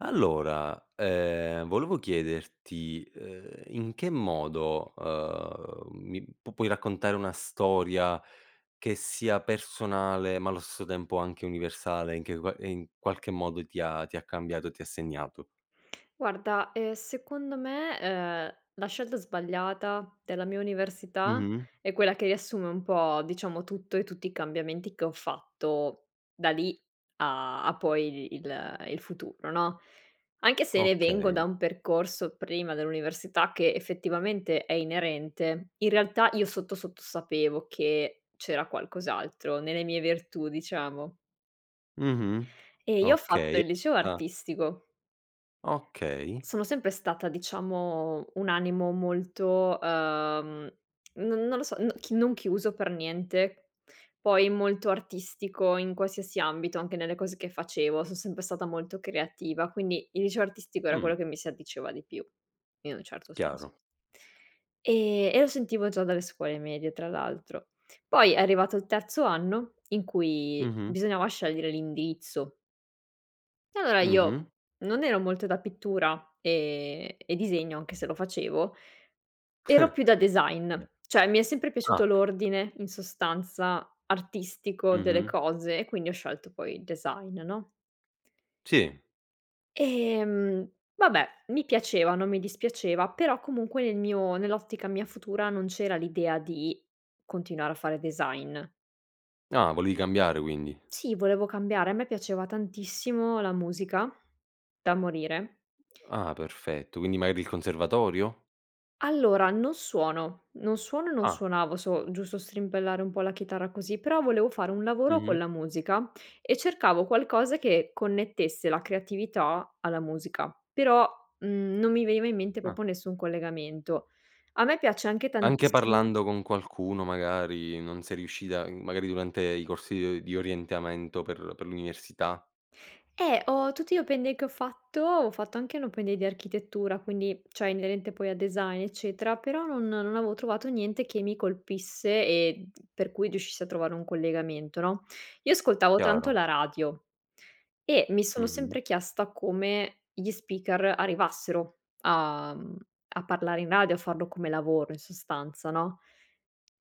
Allora, ehm, volevo chiederti, uhm, in che modo, uhm, mi p puoi raccontare una storia che sia personale, ma allo stesso tempo anche universale, in che qua e in qualche modo ti ha ti ha cambiato e ti ha segnato? Guarda, ehm, secondo me, uhm, la scelta sbagliata della mia università Mh-mh. è quella che riassume un po', diciamo, tutto e tutti i cambiamenti che ho fatto da lì a a poi il il futuro, no, anche se vengo da Okay. un percorso prima dell'università che effettivamente è inerente. In realtà io sotto sotto sapevo che c'era qualcos'altro nelle mie virtù, diciamo. Mh-mh. Ehm, io ho fatto Okay. il liceo Ah. artistico. Okay. Sono sempre stata, diciamo, un animo molto, uhm, non non lo so, non chi non chiuso per niente, poi molto artistico in qualsiasi ambito. Anche nelle cose che facevo son sempre stata molto creativa, quindi il liceo artistico era Mh. quello che mi si addiceva di più in un certo senso. Chiaro. E e lo sentivo già dalle scuole medie tra l'altro. Poi è arrivato il terzo anno, in cui Mh-mh. bisognava scegliere l'indirizzo. E allora Mh-mh. io non ero molto da pittura e e disegno, anche se lo facevo. Ero più da design. Cioè, mi è sempre Ah. piaciuto l'ordine, in sostanza, artistico delle Mh-mh. cose e quindi ho scelto poi il design, no? Sì. Ehm, vabbè, mi piaceva, non mi dispiaceva, però comunque nel mio nell'ottica mia futura, non c'era l'idea di continuare a fare design. Ah, volevi cambiare quindi. Sì, volevo cambiare. A me piaceva tantissimo la musica, da morire. Ah, perfetto. Quindi magari il conservatorio? Allora, non suono, non suono e non Ah. suonavo. So giusto strimpellare un po' la chitarra così, però volevo fare un lavoro con Mh-mh. la musica e cercavo qualcosa che connettesse la creatività alla musica, però, mhmm, non mi veniva in mente Ah. proprio nessun collegamento. A me piace anche Anche tantissimo parlando con qualcuno, magari, non sei riuscita i magari durante i corsi, di o di orientamento per per l'università? Eh, ho tutti gli open day che ho fatto ho fatto anche l'open day di architettura, quindi cioè inerente poi a design, eccetera, però non non avevo trovato niente che mi colpisse e d per cui riuscissi a trovare un collegamento, no? Io ascoltavo tanto Chiaro. la radio e mi sono Mh-mh. sempre chiesta come gli speaker arrivassero a mhmm, a parlare in radio, a farlo come lavoro, in sostanza, no?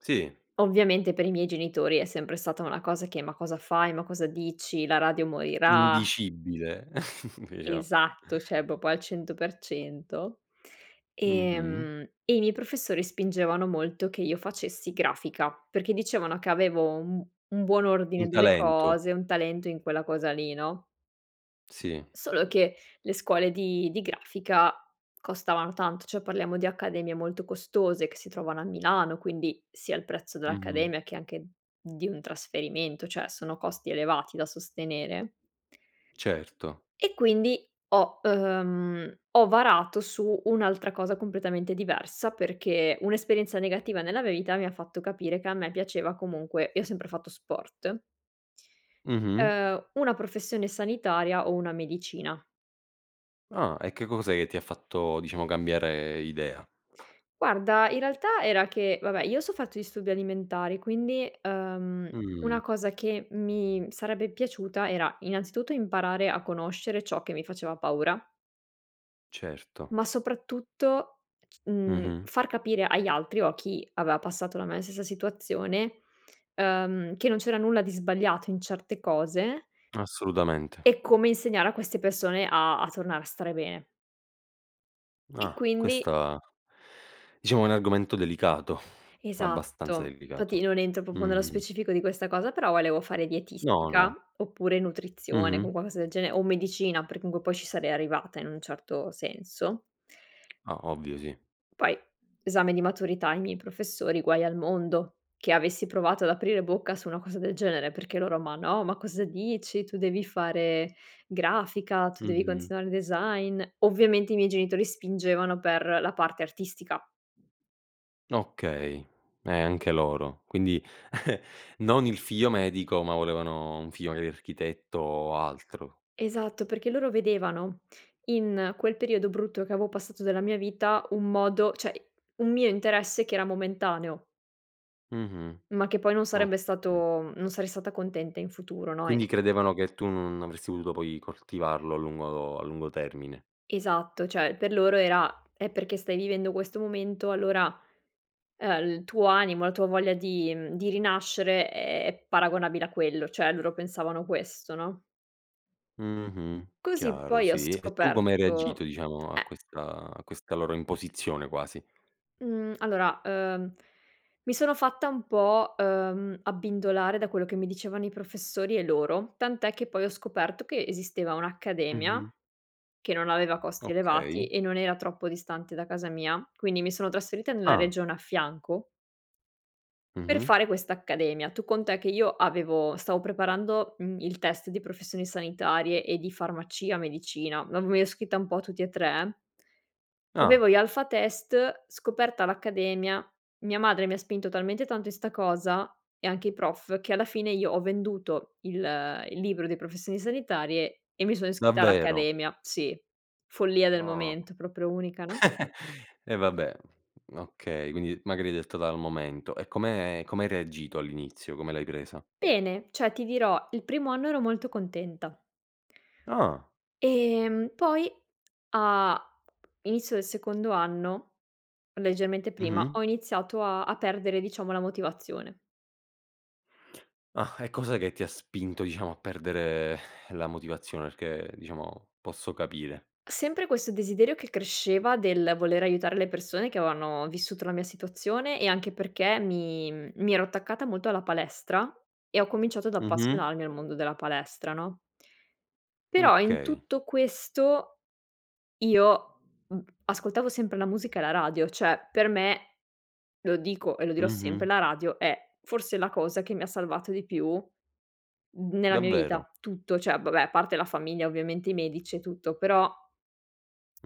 Sì. Ovviamente, per i miei genitori è sempre stata una cosa che: "Ma cosa fai? Ma cosa dici? La radio morirà". Indicibile, diciamo. Esatto, cioè proprio al 100%, Mh-mh. ehm, e i miei professori spingevano molto che io facessi grafica, perché dicevano che avevo un un buon Un ordine delle talento. cose, un talento in quella cosa lì, no? Sì. Solo che le scuole di di grafica costavano tanto, cioè parliamo di accademie molto costose che si trovano a Milano, quindi sia il prezzo Mh-mh. dell'accademia che anche di un trasferimento, cioè, sono costi elevati da sostenere. Certo. E quindi ho uhm, ho varato su un'altra cosa completamente diversa, perché un'esperienza negativa nella mia vita mi ha fatto capire che a me piaceva comunque io ho sempre fatto sport. Mh-mh. Uhm, una professione sanitaria o una medicina. Ah, e che cos'è che ti ha fatto, diciamo cambiare idea? Guarda, in realtà era che vabbè, io ho sofferto disturbi alimentari, quindi, uhm, Mh. una cosa che mi sarebbe piaciuta era innanzitutto imparare a conoscere ciò che mi faceva paura. Certo. Ma soprattutto, c mhmm, Mh-mh. far capire agli altri o a chi aveva passato la mia stessa situazione, uhm, che non c'era nulla di sbagliato in certe cose Assolutamente. e come insegnare a queste persone a a tornare a stare bene. E Ah. quindi Questa, diciamo è un argomento delicato. Abbastanza Esatto, infatti delicato. non entro proprio nello Mh-mh. specifico di questa cosa, però volevo fare No, dietistica no. oppure nutrizione, Mh-mh. con qualcosa del genere, o medicina, perché comunque poi ci sarei arrivata in un certo senso. Ah, ovvio, sì. Poi esame di maturità, i miei professori, guai al mondo che avessi provato ad aprire bocca su una cosa del genere, perché loro: “Ma no, ma cosa dici? Tu devi fare grafica, tu devi Mh-mh. continuare design." Ovviamente i miei genitori spingevano per la parte artistica. Okay. Eh, anche loro. Quindi non il figlio medico ma volevano un figlio magari architetto o altro. Esatto, perché loro vedevano in quel periodo brutto che avevo passato della mia vita, un modo cioè un mio interesse che era momentaneo Mh-mh. ma che poi non sarebbe Okay. stato non sarei stata contenta in futuro, no, e Quindi credevano che tu non avresti potuto poi coltivarlo a lungo a lungo termine. Esatto. Cioè, per loro era: "Eh, perché stai vivendo questo momento allora, uhm, il tuo animo, la tua voglia di mhmm, di rinascere è paragonabile a quello", cioè loro pensavano questo, no? Mh-mh. Così Chiaro poi ho sì e tu come hai reagito, scoperto, diciamo, a eh questa a questa loro imposizione quasi? Mhmm, allora, uhm, mi sono fatta un po', uhm, abbindolare da quello che mi dicevano i professori e loro. Tant'è che poi ho scoperto che esisteva un'accademia Mh-mh. che non aveva costi elevati Okay. e non era troppo distante da casa mia. Quindi mi sono trasferita nella Ah. regione a fianco per Mh-mh fare questa accademia. Tu conta che io avevo stavo preparando, mhmm, il test di professioni sanitarie e di farmacia, medicina, [unintelligible] mi ero iscritta un po' a tutti e tre. Ah. Avevo gli alpha test, scoperta l'accademia, mia madre mi ha spinto talmente tanto in 'sta cosa e anche i prof che alla fine io ho venduto il il libro di professioni sanitarie e mi sono iscritta Davvero? all'accademia. Sì, follia del Ah. momento. Proprio unica, no? Eh vabbè okay. Quindi, magari detto dal momento. E come come hai reagito all'inizio, come l'hai presa? Bene, cioè ti dirò, il primo anno ero molto contenta. Ah. Ehm, poi a inizio del secondo anno, leggermente prima, Mh-mh. ho iniziato a a perdere diciamo la motivazione. Ah, e cos'è che ti ha spinto diciamo a perdere la motivazione? Perché, diciamo, posso capire. Sempre questo desiderio che cresceva del voler aiutare le persone che avevano vissuto la mia situazione e anche perché mi mi ero attaccata molto alla palestra e ho cominciato ad Mh-mh. appassionarmi al mondo della palestra no? Però in Okay. tutto questo io, mhmm, ascoltavo sempre la musica e la radio, cioè per me, lo dico e lo dirò sempre, Mh-mh. la radio è forse la cosa che mi ha salvato di più n nella mia Davvero? vita, tutto. Cioè, vabbè, a parte la famiglia ovviamente i medici e tutto però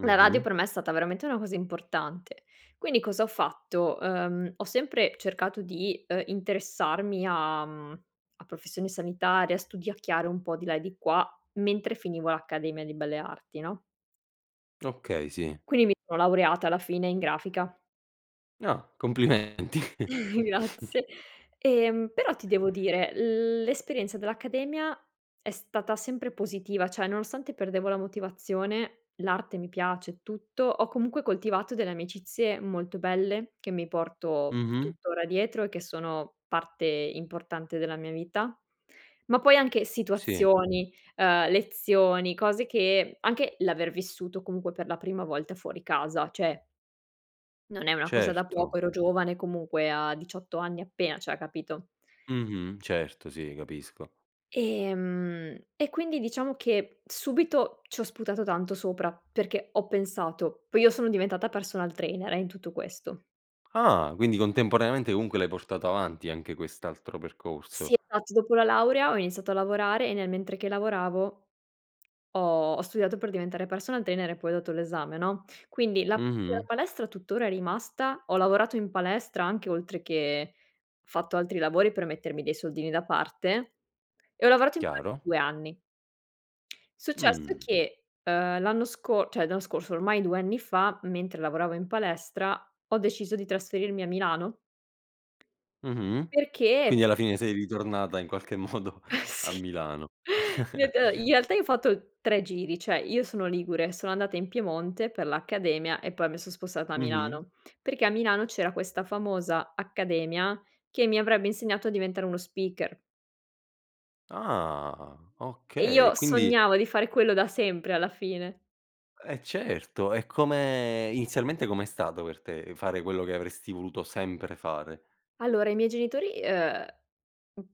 la radio per me è stata veramente una cosa importante. Quindi cosa ho fatto: uhm, ho sempre cercato di, uhm, interessarmi a mhmm, a professioni sanitarie, a studiacchiare un po' di là e di qua, mentre finivo l'accademia di belle arti no? Okay, sì. Quindi mi son laureata alla fine in grafica. Ah, complimenti. Grazie. Ehm però ti devo dire l'esperienza dell'accademia è stata sempre positiva, cioè, nonostante perdevo la motivazione, l'arte mi piace e tutto, ho comunque coltivato delle amicizie molto belle che mi porto Mh-mh. tuttora dietro e che sono parte importante della mia vita. Ma poi anche Sì. situazioni, uhm, lezioni, cose che anche l'aver vissuto comunque per la prima volta fuori casa cioè non è una cosa da Certo. poco. Ero giovane comunque a 18 anni appena cioè, capito. Mh-mh, certo sì capisco. E mhmm, e quindi diciamo che subito ci ho sputato tanto sopra perché ho pensato poi io sono diventata personal trainer, eh, in tutto questo. Ah, quindi contemporaneamente comunque l'hai portato avanti anche quest'altro percorso. Sì esatto dopo la laurea ho iniziato a lavorare e nel mentre che lavoravo ho ho studiato per diventare personal trainer e poi ho dato l'esame no, quindi la [unintelligible] Mh-mh. palestra tuttora è rimasta, ho lavorato in palestra anche oltre che fatto altri lavori per mettermi dei soldini da parte e ho lavorato in pale Chiaro. 2 anni. Successo Mh. che, ehm, l'anno sco cioè l'anno scorso ormai 2 anni fa, mentre lavoravo in palestra ho deciso di trasferirmi a Milano. Mh-mh, Perché quindi p alla fine sei ritornata in qualche modo a Sì, Milano. reta in realtà io ho fatto 3 giri cioè: io sono ligure, sono andata in Piemonte per l'accademia e poi mi son spostata a Mh-mh. Milano. Perché a Milano c'era questa famosa accademia che mi avrebbe insegnato a diventare uno speaker. Ah E okay, io quindi sognavo di fare quello da sempre alla fine. Eh certo e come inizialmente com'è stato per te fare quello che avresti voluto sempre fare? Allora i miei genitori, uhm,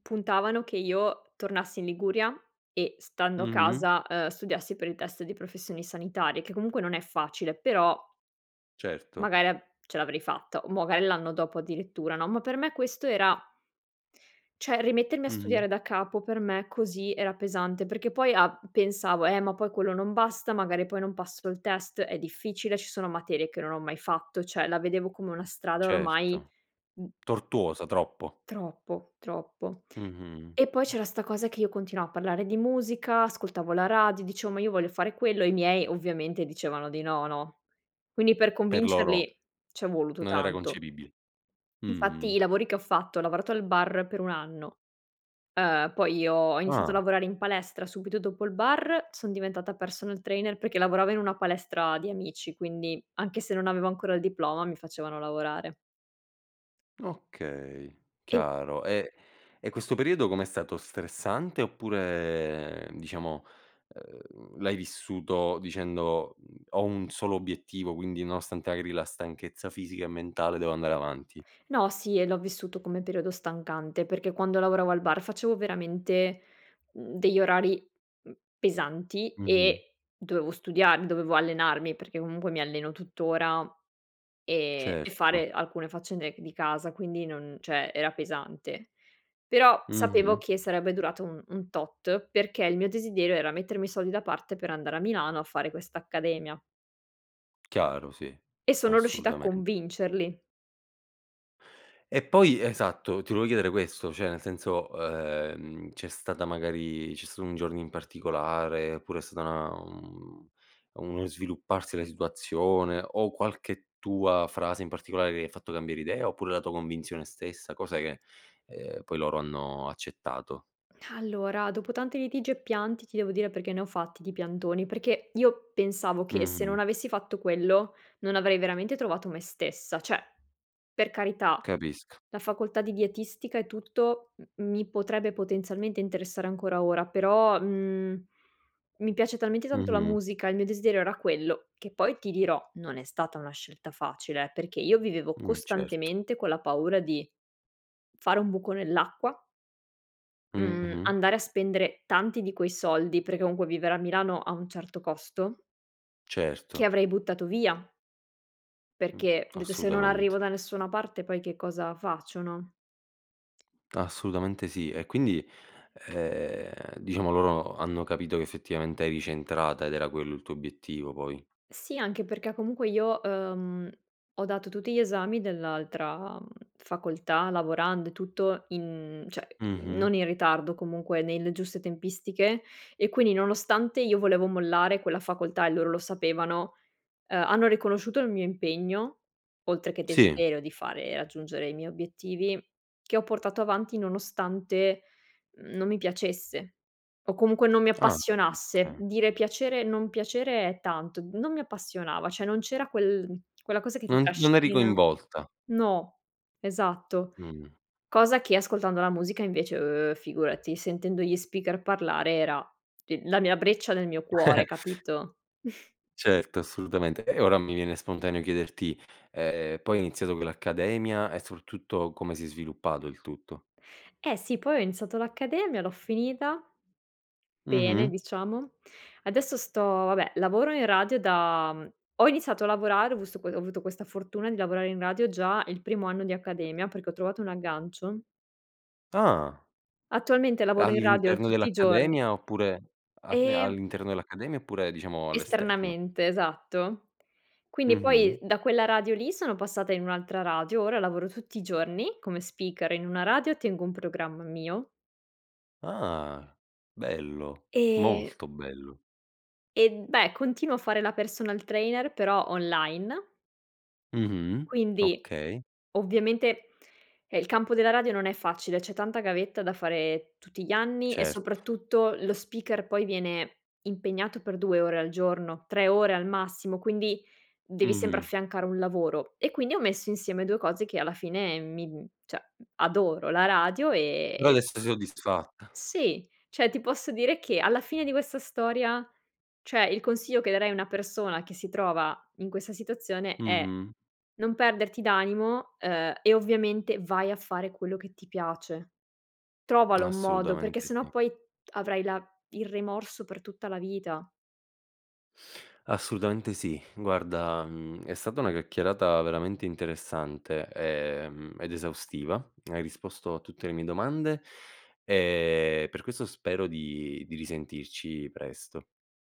puntavano che io tornassi in Liguria e stando a Mh-mh. casa, uhm, studiassi per il test di professioni sanitarie che comunque non è facile però Certo. magari av ce l'avrei fatta o magari l'anno dopo addirittura no, ma per me questo era cioè rimettermi a Mh-mh. studiare da capo per me così era pesante perché poi a pensavo: "Eh ma poi quello non basta, magari poi non passo, il test è difficile, ci sono materie che non ho mai fatto." Cioè la vedevo come una strada ormai Certo. m Tortuosa, troppo. Troppo, troppo. Mh-mh. E poi Mh. c'era sta cosa che io continuavo a parlare di musica, ascoltavo la radio, dicevo ma io voglio fare quello. I miei ovviamente dicevano di no, no? Quindi per Per loro, convincerli c'è voluto non era tanto. concepibile. Infatti Mh-mh. i lavori che ho fatto ho lavorato al bar per un anno, uhm, poi io ho iniziato a Ah. lavorare in palestra subito dopo il bar, son diventata personal trainer perché lavoravo in una palestra di amici quindi anche se non avevo ancora il diploma mi facevano lavorare. Okay. E Chiaro. E e questo periodo com'è stato, stressante? Oppure diciamo, ehm, l'hai vissuto dicendo "Mhmm, ho un solo obiettivo quindi nonostante magari la stanchezza fisica e mentale devo andare avanti"? No, sì e l'ho vissuto come periodo stancante perché quando lavoravo al bar facevo veramente, mhmm, degli orari, mhmm, pesanti Mh-mh. e dovevo studia dovevo allenarmi- perché comunque mi alleno tuttora e e Certo. fare alcune faccende di casa. Quindi non cioè, era pesante. Però sapevo Mh-mh. che sarebbe durato un un tot, perché il mio desiderio era mettermi i soldi da parte per andare a Milano a fare questa accademia. Chiaro, sì, E sono riuscita a assolutamen convincerli. E poi esatto, ti volevo chiedere questo: cioè nel senso, uhm, c'è stata magari c'è stato un giorno in particolare oppure è stata una mhmm, uno svilupparsi della situazione o qualche tua frase in particolare che gli ha fatto cambiare idea oppure la tua convinzione stessa? Cos'è che, ehm, poi loro hanno accettato? Allora dopo tanti litigi e pianti, ti devo dire perché ne ho fatti di piantoni, perché io pensavo che se Mh-mh. non avessi fatto quello non avrei veramente trovato me stessa. Cioè, per carità, Capisco. la facoltà di dietistica e tutto m mi potrebbe potenzialmente interessare ancora ora però, mhmm, mi piace talmente tanto la Mh-mh. musica, il mio desiderio era quello che poi ti dirò, non è stata una scelta facile eh, perché io vivevo Mh, certo. costantemente con la paura di fare un buco nell'acqua mhmm, Mh-mh. andare a spendere tanti di quei soldi- perché comunque vivere a Milano ha un certo costo che Certo. avrei buttato via. Mh, Perché ho detto: "Se non assolutamente. arrivo da nessuna parte poi che cosa faccio", no? Assolutamente sì e quindi, ehm, diciamo loro hanno capito che effettivamente eri centrata ed era quello il tuo obiettivo poi. Sì anche perché comunque io, uhm, ho dato tutti gli esami dell'altra facoltà lavorando e tutto in cioè Mh-mh. non in ritardo, comunque nelle giuste tempistiche e quindi nonostante io volevo mollare quella facoltà e loro lo sapevano, uhm, hanno riconosciuto il mio impegno oltre che Sì. desiderio di fare raggiungere i miei obiettivi, che ho portato avanti nonostante non mi piacesse o comunque non mi Ah, appassionasse. okay. Dire piacere non piacere è tanto, non mi appassionava, cioè non c'era quel quella cosa che ti Non non eri trascina coinvolta. no, esatto. Mh-mh. Cosa che ascoltando la musica invece eh, figurati, sentendo gli speaker parlare era i la mia breccia nel mio cuore capito? Certo assolutamente e ora mi viene spontaneo chiederti: ehm, poi hai iniziato con l'accademia e soprattutto come si è sviluppato il tutto? Eh sì poi ho iniziato l'accademia, l'ho finita, bene Mh-mh. diciamo. Adesso sto vabbè lavoro in radio da ho iniziato a lavorare ho vist ho avuto questa fortuna di lavorare in radio già il primo anno di accademia perché ho trovato un aggancio. Ah. Attualmente lavoro in radio All'interno tutti i giorni dell'accademia oppure a Ehm all'interno dell'accademia oppure diciamo all'esterno? Esternamente esatto. Quindi Mh-mh. poi da quella radio lì sono passata in un'altra radio. Ora lavoro tutti i giorni come speaker in una radio tengo un programma mio. Ah, bello, E molto bello. E beh continuo a fare la personal trainer però online. Mh-mh, Quindi okay. ovviamente eh, il campo della radio non è facile. C'è tanta gavetta da fare tutti gli anni e Certo. soprattutto lo speaker poi viene impegnato per 2 ore al giorno, 3 ore al massimo quindi devi sempre Mh-mh. affiancare un lavoro. E quindi ho messo insieme 2 cose che alla fine mi mhmm, cioè adoro la radio Però e adesso sei soddisfatta. Sì. Cioè ti posso dire che alla fine di questa storia cioè, il consiglio che darei a una persona che si trova in questa situazione è: Mh-mh. non perderti d'animo uhm, e ovviamente vai a fare quello che ti piace. Trovalo un modo perché Assolutamente se no sì. poi avrai la il rimorso per tutta la vita. Assolutamente sì. Guarda, mhmm, è stata una chiacchierata veramente interessante e mhmm, ed esaustiva. Hai risposto a tutte le mie domande e per questo spero di di risentirci presto.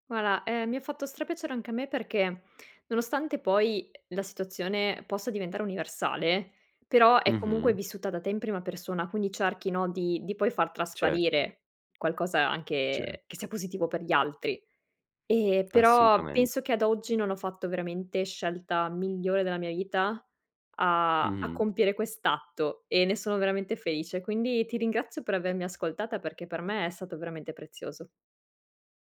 Guarda ehm, mi ha fatto stra piacere anche a me perché nonostante poi la situazione possa diventare universale però è comunque Mh-mh. vissuta da te in prima persona quindi cerchi no di di poi far Certo. trasparire qualcosa anche che Certo. sia positivo per gli altri. Ehm, però Assolutamen penso che ad oggi non ho fatto veramente scelta migliore nella mia vita a a Mh-mh. compiere quest'atto e ne sono veramente felice quindi ti ringrazio per avermi ascoltata perché per me è stato veramente prezioso.